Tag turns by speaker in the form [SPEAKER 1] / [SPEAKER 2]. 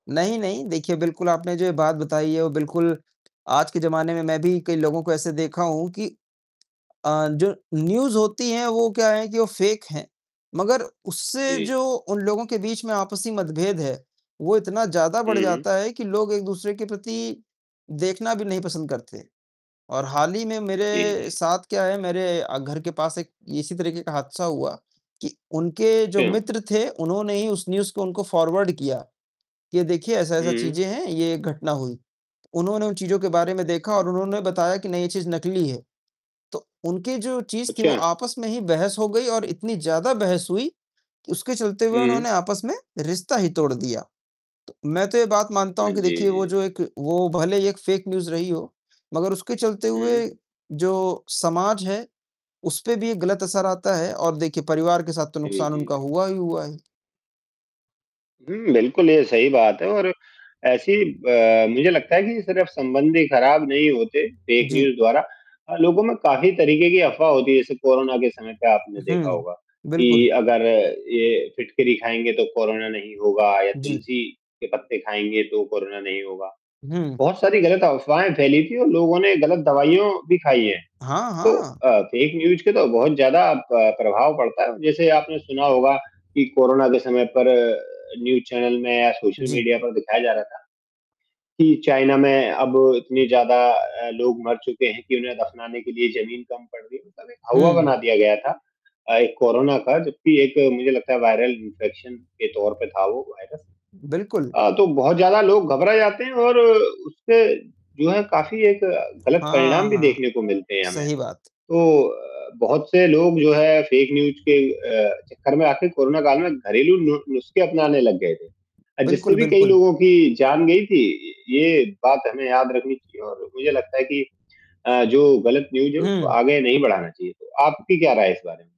[SPEAKER 1] नहीं-नहीं, देखिए बिल्कुल आपने जो ये बात बताई है वह बिल्कुल आज के जमाने में मैं भी कई लोगों को ऐसे देखा हूँ कि अ, जो न्यूज़ होती है वो क्या है कि वो फेक है। मगर उससे
[SPEAKER 2] जी।
[SPEAKER 1] जो उन लोगों के बीच में आपसी मतभेद है, वो इतना ज़्यादा बढ़
[SPEAKER 2] हुँ, हुँ।
[SPEAKER 1] जाता है कि लोग एक दूसरे के प्रति देखना भी नहीं पसंद करते, और हाल ही में
[SPEAKER 2] जी,
[SPEAKER 1] मेरे
[SPEAKER 2] जी।
[SPEAKER 1] साथ क्या है, मेरे घर के पास एक इसी तरीके का हादसा हुआ कि उनके जो
[SPEAKER 2] सेम।
[SPEAKER 1] मित्र थे उन्होंने ही उस न्यूज़ को उनको फॉरवर्ड किया। ये देखिए ऐसा-ऐसा
[SPEAKER 2] हुँ।
[SPEAKER 1] चीज़ें हैं, ये घटना हुई। उन्होंने उन चीज़ों के बारे में देखा और उन्होंने बताया कि नहीं ये चीज़ नकली है। तो उनकी जो चीज़ थी
[SPEAKER 2] अच्छा।
[SPEAKER 1] वो आपस में ही बहस हो गई और इतनी ज़्यादा बहस हुई उसके चलते हुए
[SPEAKER 2] हुँ।
[SPEAKER 1] उन्होंने आपस में रिश्ता ही तोड़ दिया। तो मैं तो ये बात मानता
[SPEAKER 2] अ,
[SPEAKER 1] हूँ कि
[SPEAKER 2] जी,
[SPEAKER 1] देखिए वो
[SPEAKER 2] जी।
[SPEAKER 1] जो एक वो भले ही एक फेक न्यूज़ रही हो, मगर उसके चलते हुए
[SPEAKER 2] हुँ।
[SPEAKER 1] जो समाज है, उसपे भी एक गलत असर आता है और देखिए परिवार के साथ तो
[SPEAKER 2] जी,
[SPEAKER 1] नुकसान
[SPEAKER 2] जी,
[SPEAKER 1] उनका
[SPEAKER 2] बिल्कुल।
[SPEAKER 1] हुआ ही हुआ है।
[SPEAKER 2] हुँ। बिल्कुल ये सही बात है और ऐसी अ, मुझे लगता है कि सिर्फ संबंध ही खराब नहीं होते फेक
[SPEAKER 1] जी।
[SPEAKER 2] न्यूज़ द्वारा और लोगों में काफ़ी तरीके की अफवाह होती है। जैसे कोरोना के समय पे आपने देखा
[SPEAKER 1] हुँ।
[SPEAKER 2] होगा कि
[SPEAKER 1] बिल्कुल।
[SPEAKER 2] अगर ये फिटकरी खाएँगे तो कोरोना नहीं होगा या
[SPEAKER 1] जी।
[SPEAKER 2] तुलसी के पत्ते खाएँगे तो कोरोना नहीं होगा।
[SPEAKER 1] हुँ।
[SPEAKER 2] बहुत सारी गलत अफवाहें फैली थी और लोगों ने गलत दवाइयाँ भी खाई है,
[SPEAKER 1] हाँ,
[SPEAKER 2] तो
[SPEAKER 1] हाँ।
[SPEAKER 2] अ, फेक न्यूज़ के तो बहुत ज़्यादा प प्रभाव पड़ता है। जैसे आपने सुना होगा कि कोरोना के समय पर न्यूज़ चैनल में या सोशल
[SPEAKER 1] जी।
[SPEAKER 2] मीडिया पर दिखाया जा रहा था कि चाइना में अब इतने ज़्यादा अ, लोग मर चुके हैं कि उन्हें दफनाने के लिए जमीन कम पड़ रही है। मतलब एक हौवा
[SPEAKER 1] हुँ।
[SPEAKER 2] बना दिया गया था। अ, एक कोरोना का जबकि एक मुझे लगता है वायरल इंफेक्शन के तौर पे था वो वायरस।
[SPEAKER 1] बिल्कुल।
[SPEAKER 2] अ, तो बहुत ज़्यादा लोग घबरा जाते हैं और उससे जो है, काफ़ी एक गलत
[SPEAKER 1] हाँ,
[SPEAKER 2] परिणाम भी
[SPEAKER 1] हाँ
[SPEAKER 2] देखने को मिलते हैं हमें,
[SPEAKER 1] सही बात।
[SPEAKER 2] तो बहुत से लोग जो है फेक न्यूज़ के अ, चक्कर में आके कोरोना काल में घरेलू नु नुस्खे अपनाने लग गए थे। जिससे
[SPEAKER 1] बिल्कुल,
[SPEAKER 2] भी कई
[SPEAKER 1] बिल्कुल।
[SPEAKER 2] लोगों की जान गयी थी, ये बात हमें याद रखनी चाहिए और मुझे लगता है कि अ, जो गलत न्यूज़ है उसको
[SPEAKER 1] हुँ।
[SPEAKER 2] आगे नहीं बढ़ाना चाहिए। तो आपकी क्या राय है इस बारे में?